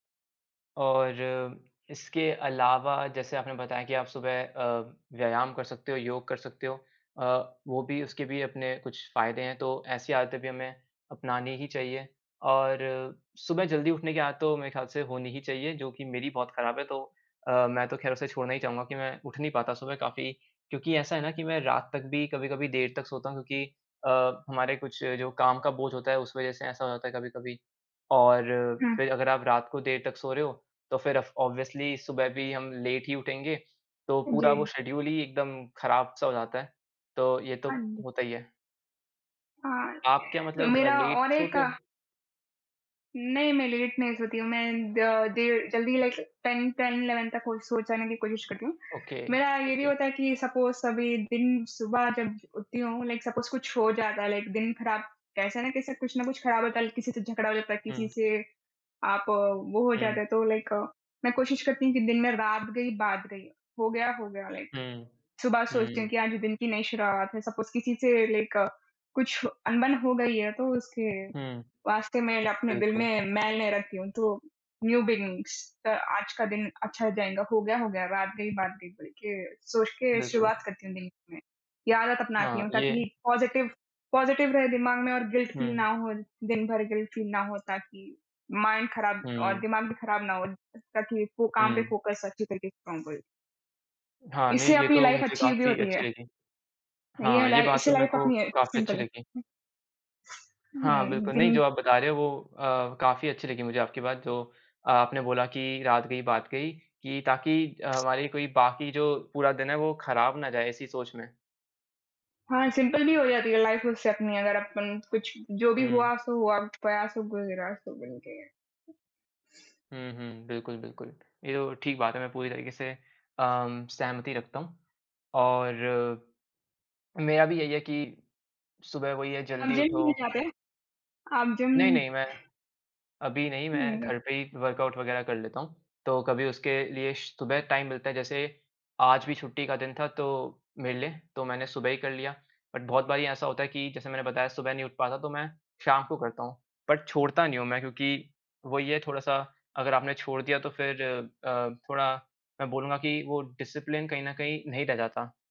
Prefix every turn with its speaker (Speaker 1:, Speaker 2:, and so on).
Speaker 1: और इसके अलावा जैसे आपने बताया कि आप सुबह अ, व्यायाम कर सकते हो, योग कर सकते हो, अ, वो भी उसके भी अपने कुछ फ़ायदे हैं, तो ऐसी आदतें भी हमें अपनानी ही चाहिए और सुबह जल्दी उठने की आदत तो मेरे ख्याल से होनी ही चाहिए जो कि मेरी बहुत ख़राब है तो अ, मैं तो खैर उसे छोड़ना ही चाहूँगा कि मैं उठ नहीं पाता सुबह काफ़ी क्योंकि ऐसा है ना कि मैं रात तक भी कभी-कभी देर तक सोता हूँ क्योंकि अ, हमारे कुछ जो काम का बोझ होता है, उस वजह से ऐसा हो जाता है कभी-कभी और
Speaker 2: हुँ।
Speaker 1: फिर अगर आप रात को देर तक सो रहे हो, तो फिर अफ ऑब्वियसली सुबह भी हम लेट ही उठेंगे, तो पूरा वो
Speaker 2: जी।
Speaker 1: शेड्यूल ही एकदम ख़राब-सा हो जाता है, तो ये तो
Speaker 2: हाँ जी।
Speaker 1: होता ही है।
Speaker 2: हाँ,
Speaker 1: आप क्या मतलब
Speaker 2: मेरा
Speaker 1: लेट
Speaker 2: और एक
Speaker 1: सोते हो?
Speaker 2: नहीं, मैं लेट नहीं सोती हूँ, मैं द देर जल्दी लाइक 10, 10-11 तक हो सो जाने की कोशिश करती हूँ।
Speaker 1: ओके
Speaker 2: मेरा ये भी
Speaker 1: ओके।
Speaker 2: होता है कि सपोज़ सभी दिन सुबह जब उठती हूँ लाइक सपोज़ कुछ हो जाता है लाइक दिन ख़राब कैसे न कैसे कुछ न कुछ ख़राब होता ल किसी से झगड़ा हो जाता है, किसी
Speaker 1: हुँ।
Speaker 2: से आप वो हो जाता
Speaker 1: हुँ।
Speaker 2: है तो लाइक मैं कोशिश करती हूँ कि दिन में रात गई, बात गई, हो गया, हो गया लाइक
Speaker 1: हुँ।
Speaker 2: सुबह सोचती हूँ
Speaker 1: हुँ।
Speaker 2: कि आज दिन की नई शुरुआत सपोज़ किसी से लाइक कुछ अनबन हो गई है, तो उसके
Speaker 1: हुँ।
Speaker 2: वास्ते मैं अपने दिल
Speaker 1: बिल्कुल।
Speaker 2: में मैल नहीं रखती हूँ तो न्यू बिगनिंग्स च आज का दिन अच्छा जाएँगा, हो गया, हो गया रात गई, बात गई बोल के सोच के
Speaker 1: बिल्कुल।
Speaker 2: शुरुआत करती हूँ दिन में। ये आदत अपनाती
Speaker 1: हाँ,
Speaker 2: हूँ ताकि
Speaker 1: ये
Speaker 2: पॉजिटिव पॉजिटिव रहे दिमाग में और गिल्ट फ़ील ना
Speaker 1: हुँ।
Speaker 2: हो, दिन भर गिल्ट फ़ील ना हो ताकि माइंड ख़राब और
Speaker 1: हुँ।
Speaker 2: दिमाग भी ख़राब ना हो ताकि वो काम पे
Speaker 1: हुँ।
Speaker 2: फोकस अच्छी तरह से काम करें।
Speaker 1: हाँ, नहीं,
Speaker 2: इससे
Speaker 1: ये
Speaker 2: अपनी
Speaker 1: तो
Speaker 2: लाइफ़
Speaker 1: मुझे
Speaker 2: अच्छी भी
Speaker 1: काफ़ी
Speaker 2: होती
Speaker 1: अच्छी
Speaker 2: है।
Speaker 1: लगी।
Speaker 2: यह
Speaker 1: हाँ, ये
Speaker 2: लाई
Speaker 1: बात
Speaker 2: इससे
Speaker 1: तो मेरे
Speaker 2: लाइफ़
Speaker 1: को
Speaker 2: अपनी
Speaker 1: काफ़ी
Speaker 2: सिंपल
Speaker 1: अच्छी लगी।
Speaker 2: हुँ।
Speaker 1: हाँ,
Speaker 2: हुँ,
Speaker 1: बिल्कुल, नहीं
Speaker 2: दिन
Speaker 1: जो आप बता रहे हो, वो अ, काफ़ी अच्छी लगी मुझे आपकी बात जो आपने बोला कि रात गई, बात गई कि ताकि अ, हमारी कोई बाकी जो पूरा दिन है, वो ख़राब ना जाए इसी सोच में।
Speaker 2: हाँ, सिंपल भी हो जाती है लाइफ़ उससे अपनी अगर अपन कुछ जो भी
Speaker 1: हुँ।
Speaker 2: हुआ सो हुआ, गया सो गुजरा सो बोल के।
Speaker 1: हुँ, हुँ बिल्कुल, बिल्कुल। ये तो ठीक बात है मैं पूरी तरीके से अम, सहमति रखता हूँ, और मेरा भी यही है कि सुबह वही है
Speaker 2: आप
Speaker 1: जल्दी
Speaker 2: जिम
Speaker 1: उठो।
Speaker 2: नहीं जाते हैं? आप जिम
Speaker 1: नहीं, नहीं मैं अभी नहीं, मैं
Speaker 2: हुँ न
Speaker 1: घर पे ही वर्कआउट वग़ैरह कर लेता हूँ, तो कभी उसके लिए श सुबह टाइम मिलता है जैसे आज भी छुट्टी का दिन था तो मेरे लिए तो मैंने सुबह ही कर लिया। बट बहुत बारी ऐसा होता है कि जैसे मैंने बताया सुबह नहीं उठ पाता, तो मैं शाम को करता हूँ, बट छोड़ता नहीं हूँ मैं क्योंकि वही है थोड़ा-सा अगर आपने छोड़ दिया तो फिर अ, थोड़ा मैं बोलूँगा कि वो डिसिप्लिन कहीं न कहीं नहीं रह जाता।